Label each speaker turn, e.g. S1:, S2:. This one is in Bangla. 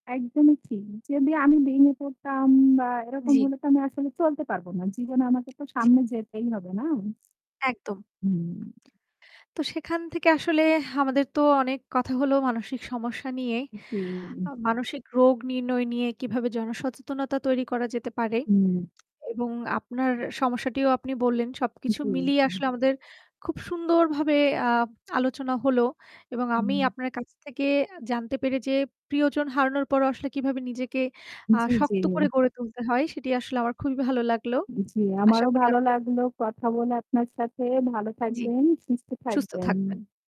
S1: একদমই ঠিক। যদি আমি ভেঙে পড়তাম বা এরকম
S2: জ্বি।
S1: হলে তো আমি আসলে চলতে পারবো না। জীবনে আমাকে তো
S2: জি।
S1: সামনে যেতেই হবে, না?
S2: একদম।
S1: হুম।
S2: তো সেখান থেকে আসলে আমাদের তো অনেক কথা হলো মানসিক সমস্যা নিয়ে। আ
S1: জি।
S2: মানসিক রোগ নির্ণয় নিয়ে কিভাবে জনসচেতনতা তৈরি করা যেতে পারে
S1: হুম।
S2: এবং আপনার সমস্যাটিও আপনি বললেন, সবকিছু
S1: জি।
S2: মিলিয়ে
S1: হুম।
S2: আসলে আমাদের খুব সুন্দরভাবে আ আলোচনা হলো। এবং আমি
S1: হুম।
S2: আপনার কাছ থেকে আ জানতে পেরে যে প্রিয়জন হারানোর পরও আসলে কিভাবে নিজেকে আ
S1: জ্বী, জ্বী।
S2: শক্ত করে গড়ে তুলতে হয় সেটি আসলে আমার খুবই ভালো লাগলো।
S1: জ্বী,
S2: আশা
S1: আমারও
S2: করি
S1: ভালো
S2: আপনিও
S1: লাগলো কথা বলে আপনার সাথে। ভালো
S2: জ্বী।
S1: থাকবেন। সুস্থ
S2: সুস্থ
S1: থাকবেন।
S2: থাকবেন।